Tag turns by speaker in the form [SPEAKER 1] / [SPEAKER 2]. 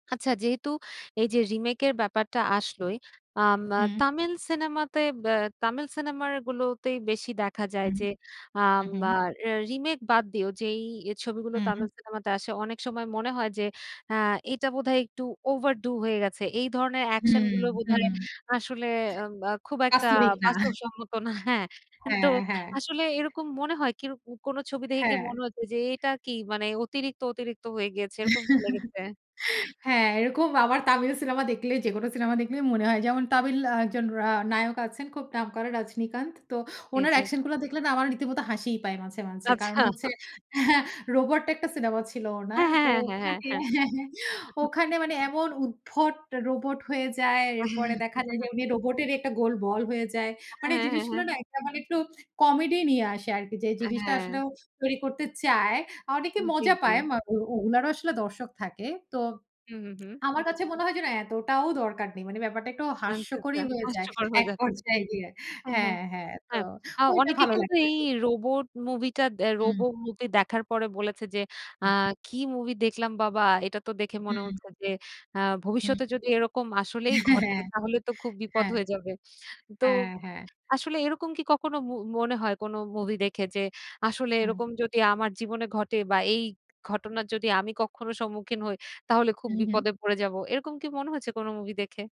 [SPEAKER 1] আচ্ছা, যেহেতু এই যে, রিমেকের ব্যাপারটা, আসলোই আম আ
[SPEAKER 2] হুম।
[SPEAKER 1] তামিল সিনেমাতে বা তামিল সিনেমার গুলোতেই বেশি দেখা যায়
[SPEAKER 2] হুম,
[SPEAKER 1] যে,
[SPEAKER 2] হু,
[SPEAKER 1] আম
[SPEAKER 2] হুম।
[SPEAKER 1] আর রিমেক বাদ দিও যে, এই ছবিগুলো
[SPEAKER 2] হুম।
[SPEAKER 1] তামিল সিনেমাতে আসে অনেক সময় মনে হয় যে, আ এটা বোধহয় একটু ওভারডু হয়ে গেছে। এই ধরনের অ্যাকশন
[SPEAKER 2] হুম,
[SPEAKER 1] গুলো
[SPEAKER 2] হুম।
[SPEAKER 1] বোধহয় আসলে আব আ খুব একটা
[SPEAKER 2] বাস্তবিক না।
[SPEAKER 1] বাস্তব সম্মত না। হ্যা,
[SPEAKER 2] হ্যা,
[SPEAKER 1] তো
[SPEAKER 2] হ্যা।
[SPEAKER 1] আসলে এরকম মনে হয় কিরো কোন ছবি দেখে কি
[SPEAKER 2] হ্যা।
[SPEAKER 1] মনে হয়েছে যে, এটা কি মানে অতিরিক্ত, অতিরিক্ত হয়ে গিয়েছে, এরকম কি লেগেছে?
[SPEAKER 2] হ্যা, এরকম আবার তামিল সিনেমা দেখলে, যেকোনো সিনেমা দেখলেই মনে হয়। যেমন তামিল একজন রা নায়ক আছেন, খুব নাম করা, রজনীকান্ত। তো
[SPEAKER 1] জ্বি,
[SPEAKER 2] ওনার
[SPEAKER 1] জ্বি।
[SPEAKER 2] অ্যাকশন গুলো দেখলে না, আমার রীতিমতো হাসিই পায় মাঝে, মাঝে। কারণ
[SPEAKER 1] আচ্ছা।
[SPEAKER 2] হচ্ছে হ্যা, রোবট একটা সিনেমা ছিল
[SPEAKER 1] হ্যা,
[SPEAKER 2] ওনার,
[SPEAKER 1] হ্যা,
[SPEAKER 2] তো
[SPEAKER 1] হ্যা, হ্যা,
[SPEAKER 2] ওখানে
[SPEAKER 1] হ্যা,
[SPEAKER 2] হ্যা, হ্যা,
[SPEAKER 1] হ্যা।
[SPEAKER 2] ওখানে মানে এমন উদ্ভট রোবট হয়ে যায়, এরপরে দেখা যায় যে, উনি রোবটেরই একটা গোল বল হয়ে যায়।
[SPEAKER 1] হ্যা,
[SPEAKER 2] মানে
[SPEAKER 1] হ্যা, হ্যা,
[SPEAKER 2] জিনিসগুলো
[SPEAKER 1] হ্যা।
[SPEAKER 2] না একটা মানে, একটু কমেডি নিয়ে আসে আরকি যে, জিনিসটা আসলে
[SPEAKER 1] হ্যা।
[SPEAKER 2] তৈরি করতে চায়। অনেকে
[SPEAKER 1] জ্বি,
[SPEAKER 2] মজা
[SPEAKER 1] জ্বি।
[SPEAKER 2] পায়, ও ওনারো আসলে দর্শক থাকে, তো
[SPEAKER 1] হু, হু, হুম।
[SPEAKER 2] আমার কাছে মনে হয় যে, না, এতটাও দরকার নেই, মানে ব্যাপারটা একটু
[SPEAKER 1] আচ্ছা, আচ্ছা
[SPEAKER 2] হাস্যকরই হয়ে যায়
[SPEAKER 1] হাস্যকর হয়ে
[SPEAKER 2] এক
[SPEAKER 1] যাচ্ছে।
[SPEAKER 2] পর্যায়ে গিয়ে।
[SPEAKER 1] হ্যা,
[SPEAKER 2] হ্যা,
[SPEAKER 1] হ্যা,
[SPEAKER 2] হ্যা, তো
[SPEAKER 1] হ্যা। আ
[SPEAKER 2] ওইটা
[SPEAKER 1] অনেকে
[SPEAKER 2] ভালো
[SPEAKER 1] কিন্তু
[SPEAKER 2] লাগে।
[SPEAKER 1] এই রোবট মুভি টা দে, রোব
[SPEAKER 2] হুম।
[SPEAKER 1] মুভি দেখার পরে বলেছে যে, আ
[SPEAKER 2] হুম।
[SPEAKER 1] কি মুভি দেখলাম বাবা! এটা তো দেখে মনে
[SPEAKER 2] হুম।
[SPEAKER 1] হচ্ছে যে, আ
[SPEAKER 2] হুম।
[SPEAKER 1] ভবিষ্যতে যদি এরকম আসলেই
[SPEAKER 2] হ্যা,
[SPEAKER 1] ঘটে, তাহলে তো খুব
[SPEAKER 2] হ্যা।
[SPEAKER 1] বিপদ হয়ে যাবে। তো
[SPEAKER 2] হ্যা, হ্যা।
[SPEAKER 1] আসলেই এরকম কি কখনো ম মনে হয় কোন মুভি দেখে যে, আসলে
[SPEAKER 2] হুম।
[SPEAKER 1] এরকম যদি আমার জীবনে ঘটে বা এই ঘটনার যদি আমি কখনো সম্মুখীন হই, তাহলে খুব
[SPEAKER 2] হু, হুম।
[SPEAKER 1] বিপদে পড়ে যাবো, এরকম কি মনে হয়েছে কোন মুভি দেখে?